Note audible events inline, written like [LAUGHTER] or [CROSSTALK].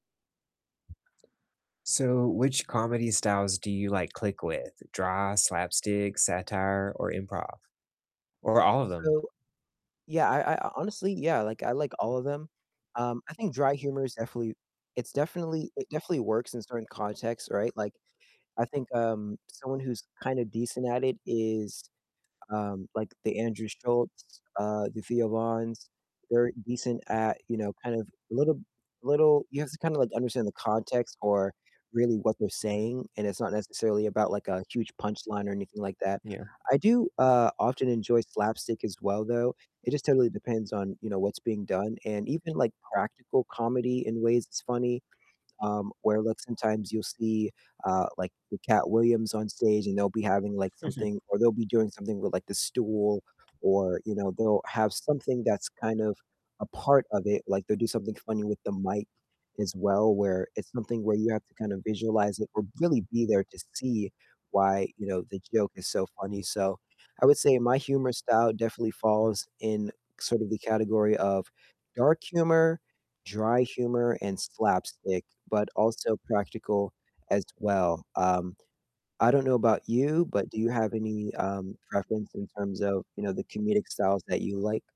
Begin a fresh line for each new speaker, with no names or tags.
So which comedy styles do you, like, click with? Dry, slapstick, satire, or improv? Or all of them?
So, yeah, I I honestly yeah, like, I like all of them, um, I think dry humor is definitely it's definitely it definitely works in certain contexts, right? Like, I think, um, someone who's kind of decent at it is, um, like, the Andrew Schultzs, uh, the Theo Vanns, they're decent at, you know, kind of little little you have to kind of, like, understand the context or really what they're saying, and it's not necessarily about, like, a huge punchline or anything like that.
Yeah.
I do, uh, often enjoy slapstick as well, though, it just totally depends on, you know, what's being done and even, like, practical comedy in ways is funny, um, where look sometimes you'll see, uh, like, the Katt Williams on stage and they'll be having, like,
[UNINTELLIGIBLE]
something or they'll be doing something with, like, the stool or, you know, they'll have something that's kind of a part of it, like, they'll do something funny with the mic as well, where it's something where you have to kind of visualize it or really be there to see why, you know, the joke is so funny, so I would say my humor style definitely falls in sort of the category of dark humor, dry humor, and slapstick, but also practical as well, um, I don't know about you, but do you have any, um, preference in terms of, you know, the comedic styles that you like?